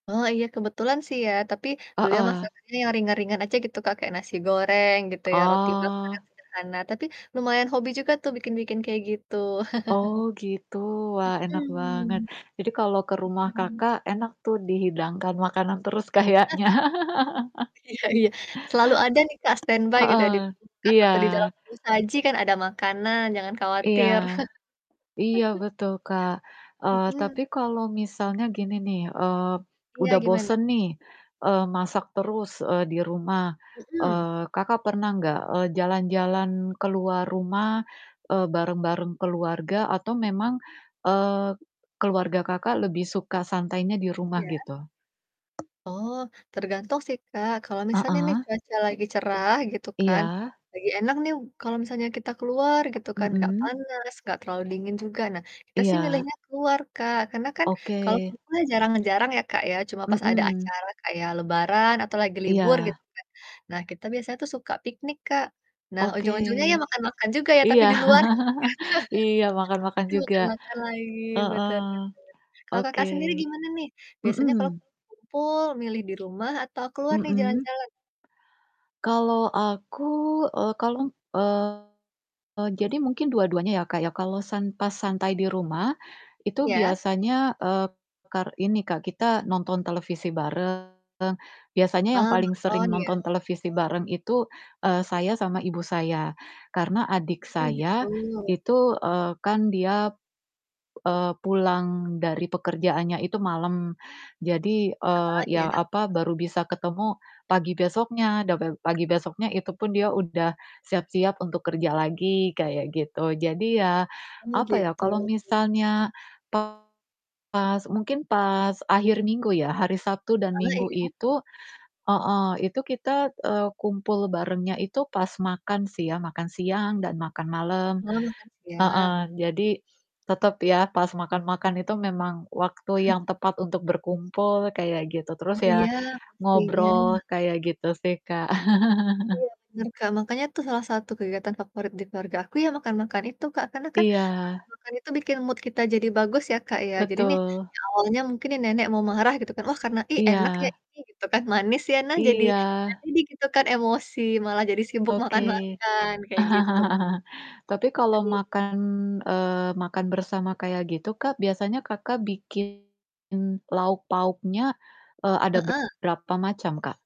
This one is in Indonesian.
Oh, iya, kebetulan sih ya. Tapi beliau Heeh. masakannya yang ringan-ringan aja gitu, Kak. Kayak nasi goreng gitu ya, roti bakar, Oh. sederhana. Tapi lumayan hobi juga tuh bikin-bikin kayak gitu. Oh, gitu. Wah, enak banget. Mhm. Jadi kalau ke rumah Iya. Kakak enak tuh dihidangkan makanan terus kayaknya. Iya iya Selalu ada nih Kak, stand by gitu ya di Heeh, kulkas iya. atau di dalam tudung saji kan ada makanan jangan Iya. khawatir. Iya, betul, Kak. Eee, Mhm. tapi kalau misalnya gini nih, eee, Iya, udah gimana? bosan nih, eee, masak terus, eee, di rumah. Mhm. Eee, Kakak pernah nggak, eee, jalan-jalan keluar rumah, eee, bareng-bareng keluarga atau memang, eee, keluarga Kakak lebih suka santainya di rumah Iya. gitu? Oh, tergantung sih, Kak. Kalau misalnya nih Heeh. cuaca lagi cerah gitu kan, Iya. lagi enak nih kalau misalnya kita keluar gitu kan, enggak Mhm. panas, enggak terlalu dingin juga. Nah, kita sih Iya. milihnya keluar, Kak. Karena kan kalau Oke. kumpul ya jarang-jarang ya Kak, ya. Cuma pas ada Mhm. acara kayak lebaran atau lagi libur gitu Iya. kan. Nah, kita biasanya tuh suka piknik, Kak. Nah, Oke. ujung-ujungnya ya makan-makan juga ya tapi Iya. di luar. Iya, makan-makan juga. [unintelligible] makan-makan lagi, Heeh. betul betul. Kalau Oke. Kakak sendiri gimana nih? Biasanya Mhm. kalau lagi kumpul milih di rumah atau keluar nih Mhm. jalan-jalan? Kalau aku, eee, kalong eee, jadi mungkin dua-duanya ya Kak, ya. Kalau san pas santai di rumah, itu Iya. biasanya, eee, kar ini Kak, kita nonton televisi bareng. Biasanya yang Oh, paling sering nonton, ya? nonton televisi bareng itu, eee, saya sama ibu saya. Karena adik Mmm, gitu. saya itu, eee, kan dia, eee, pulang dari pekerjaannya itu malam. Jadi, eee, Heeh, ya, iya. apa, baru bisa ketemu pagi besoknya, dabeu pagi besoknya itu pun dia udah siap-siap untuk kerja lagi, kayak gitu. Jadi ya, Oh, apa ya, gitu. kalau misalnya pas mungkin pas akhir minggu ya, hari Sabtu dan Heeh, Minggu iya? itu heeh, itu kita, eee, kumpul barengnya itu pas makan sih ya, makan siang, dan makan malam. Oh, makan siang. Heeh. Jadi tetap ya pas makan-makan itu memang waktu yang tepat untuk berkumpul kayak gitu, Oh, terus ya iya, ngobrol, pastinya. kayak gitu sih, Kak. Iya, bener, Kak. Makanya itu salah satu kegiatan favorit di keluarga aku ya makan-makan itu, Kak. Karena kan Iya. makan-makan itu bikin mood kita jadi bagus ya Kak, ya. Jadi nih Betul. yang awalnya mungkin nih nenek mau marah gitu kan. Wah, karena "Ih, enak ya Iya. ini," gitu kan, "manis ya?" Nah, jadi nggak Iya. jadi gitu kan emosi, malah jadi sibuk Oke. makan-makan kayak gitu, Tapi kalau Kak. makan eee, makan bersama kayak gitu Kak, biasanya Kakak bikin lauk pauknya, eee, ada Heeh. berapa macam, Kak?